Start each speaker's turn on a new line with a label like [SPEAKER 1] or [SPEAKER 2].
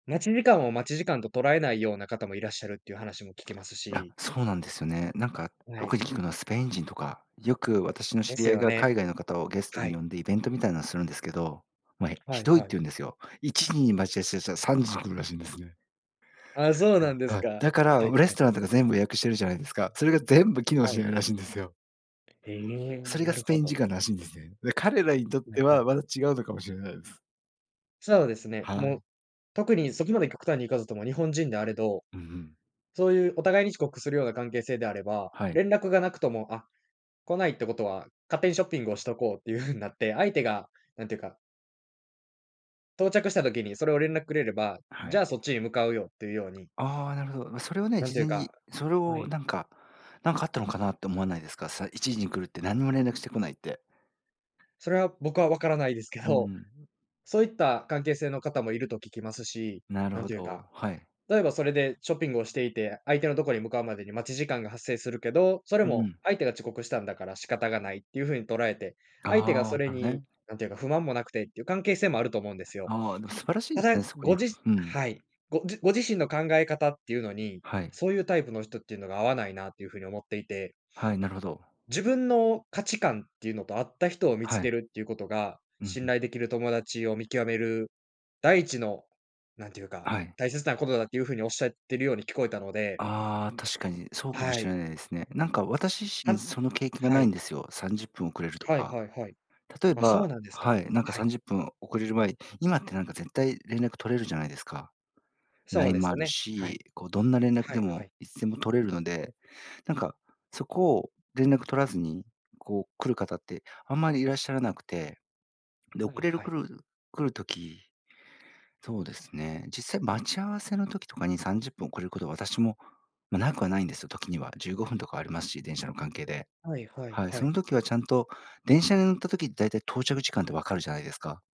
[SPEAKER 1] 待ち時間を待ち時間と捉えないような方もいらっしゃるっていう話も聞きます
[SPEAKER 2] あ、
[SPEAKER 1] し。
[SPEAKER 2] そうなんですよね。なんか
[SPEAKER 1] は
[SPEAKER 2] 特
[SPEAKER 1] い。
[SPEAKER 2] に聞くのはスペイン人とか、よく私の
[SPEAKER 1] で
[SPEAKER 2] 知り
[SPEAKER 1] す
[SPEAKER 2] 合い
[SPEAKER 1] よ
[SPEAKER 2] が
[SPEAKER 1] ね。
[SPEAKER 2] 海外の方をゲスト
[SPEAKER 1] は
[SPEAKER 2] に呼
[SPEAKER 1] い。
[SPEAKER 2] んでイベントみたいなんするんですけど、ま、え、
[SPEAKER 1] は
[SPEAKER 2] ひ
[SPEAKER 1] い
[SPEAKER 2] どい
[SPEAKER 1] は
[SPEAKER 2] って
[SPEAKER 1] い。
[SPEAKER 2] 言うんですよ。1時に待ち合わしぇしゃ3時に来るらしいんですね。
[SPEAKER 1] あ、そうなん
[SPEAKER 2] [unintelligible]
[SPEAKER 1] です
[SPEAKER 2] はい。
[SPEAKER 1] か、はい
[SPEAKER 2] だから、
[SPEAKER 1] はい。
[SPEAKER 2] うレストランとか全部予約してるじゃないですか。それが全部機能
[SPEAKER 1] は
[SPEAKER 2] し
[SPEAKER 1] い。
[SPEAKER 2] ないらしいんですよ。
[SPEAKER 1] え、
[SPEAKER 2] それ
[SPEAKER 1] な
[SPEAKER 2] が
[SPEAKER 1] る
[SPEAKER 2] スペ
[SPEAKER 1] ほ
[SPEAKER 2] イン
[SPEAKER 1] ど。
[SPEAKER 2] 時間らしいんですね。で、彼らにとっ
[SPEAKER 1] え、
[SPEAKER 2] て
[SPEAKER 1] は
[SPEAKER 2] は
[SPEAKER 1] い。
[SPEAKER 2] また違うのかもしれないです。
[SPEAKER 1] そうですね、
[SPEAKER 2] は
[SPEAKER 1] もう、
[SPEAKER 2] い。
[SPEAKER 1] 特にそこまで極端に行かずとも日本人であれど、
[SPEAKER 2] うんうん。
[SPEAKER 1] そういうお互いに遅刻するような関係性であれば、
[SPEAKER 2] はい。
[SPEAKER 1] 連絡がなくとも、あ、来ないってことは、勝手にショッピングをしとこうっていう風になって、相手がなんていうか到着した時にそれを連絡くれれば、
[SPEAKER 2] は
[SPEAKER 1] じ
[SPEAKER 2] い。
[SPEAKER 1] ゃあそっちに向かうよっていうように
[SPEAKER 2] ああ、なるほど。それはね、
[SPEAKER 1] なん
[SPEAKER 2] 事
[SPEAKER 1] ていう
[SPEAKER 2] 前
[SPEAKER 1] か
[SPEAKER 2] に、それ
[SPEAKER 1] は
[SPEAKER 2] を
[SPEAKER 1] い。
[SPEAKER 2] なんかなんかかあったのかなって思わないですか？さ1時に来るって何にも連絡してこないって。
[SPEAKER 1] それは僕は分からないですけ
[SPEAKER 2] うー
[SPEAKER 1] ど、
[SPEAKER 2] ん。
[SPEAKER 1] そういった関係性の方もいると聞きますし、
[SPEAKER 2] なる
[SPEAKER 1] なん
[SPEAKER 2] ほ
[SPEAKER 1] ていう
[SPEAKER 2] ど、
[SPEAKER 1] か、
[SPEAKER 2] はい。
[SPEAKER 1] 例えばそれでショッピングをしていて、相手のとこに向かうまでに待ち時間が発生するけど、それ
[SPEAKER 2] う
[SPEAKER 1] も
[SPEAKER 2] ん。
[SPEAKER 1] う相手が遅刻したんだから仕方がないっていう風に捉えて、相手が
[SPEAKER 2] ああ、
[SPEAKER 1] それ
[SPEAKER 2] なる
[SPEAKER 1] に、
[SPEAKER 2] ね。
[SPEAKER 1] なんていうか、不満もなくてっていう関係性もあると思うんですよ。
[SPEAKER 2] ああ、でも素晴らしいで
[SPEAKER 1] た
[SPEAKER 2] すね、
[SPEAKER 1] だ、
[SPEAKER 2] そこに
[SPEAKER 1] ごじ
[SPEAKER 2] ふん。
[SPEAKER 1] はい、ごじご自身の考え方っていうのに、
[SPEAKER 2] はい。
[SPEAKER 1] そういうタイプの人っていうのが合わないなっていう風に思っていて
[SPEAKER 2] はい、なるほど。
[SPEAKER 1] 自分の価値観っていうのと合った人を見つ
[SPEAKER 2] はい。
[SPEAKER 1] けるっていうことが、
[SPEAKER 2] うん
[SPEAKER 1] 信
[SPEAKER 2] うん。
[SPEAKER 1] 頼できる友達を見極める、第一の、なんていうか、
[SPEAKER 2] あ、はい。
[SPEAKER 1] 大切なことだっていうふうにおっしゃってるように聞こえたので
[SPEAKER 2] ああ、確かにそうかも
[SPEAKER 1] は
[SPEAKER 2] し
[SPEAKER 1] い。
[SPEAKER 2] れないですね。なんか私自
[SPEAKER 1] は
[SPEAKER 2] 身
[SPEAKER 1] ん
[SPEAKER 2] その経験が
[SPEAKER 1] は
[SPEAKER 2] ない
[SPEAKER 1] い。
[SPEAKER 2] んですよ。30分遅れると
[SPEAKER 1] はい
[SPEAKER 2] か。
[SPEAKER 1] はいはい。
[SPEAKER 2] 例え
[SPEAKER 1] あ、そ
[SPEAKER 2] ば
[SPEAKER 1] うなんですか。
[SPEAKER 2] はい、なんか
[SPEAKER 1] は
[SPEAKER 2] さ
[SPEAKER 1] い。
[SPEAKER 2] んじゅっぷん遅れる前、今ってなんか絶対連絡取れるじゃないですか。
[SPEAKER 1] そう
[SPEAKER 2] LINE
[SPEAKER 1] で
[SPEAKER 2] もあ
[SPEAKER 1] す
[SPEAKER 2] る
[SPEAKER 1] ね、は
[SPEAKER 2] し、
[SPEAKER 1] い。
[SPEAKER 2] こうどんな連絡
[SPEAKER 1] は
[SPEAKER 2] で
[SPEAKER 1] いは
[SPEAKER 2] も
[SPEAKER 1] い。
[SPEAKER 2] いつでも取れるので、なんかそこを連絡取らずに、こう来る方ってあんまりいらっしゃらなくて、で遅
[SPEAKER 1] はい
[SPEAKER 2] れる
[SPEAKER 1] はい。
[SPEAKER 2] 来る来る時、そうですね。実際待ち合わせの時とかに30分遅れることは私も、ま、なくはないんですよ、時には15分とかありますし、電車の関係で。
[SPEAKER 1] はいはい
[SPEAKER 2] はい、
[SPEAKER 1] は
[SPEAKER 2] そ
[SPEAKER 1] い。
[SPEAKER 2] の時はちゃんと電車に乗った時だいたい到着時間って分かるじゃないですか。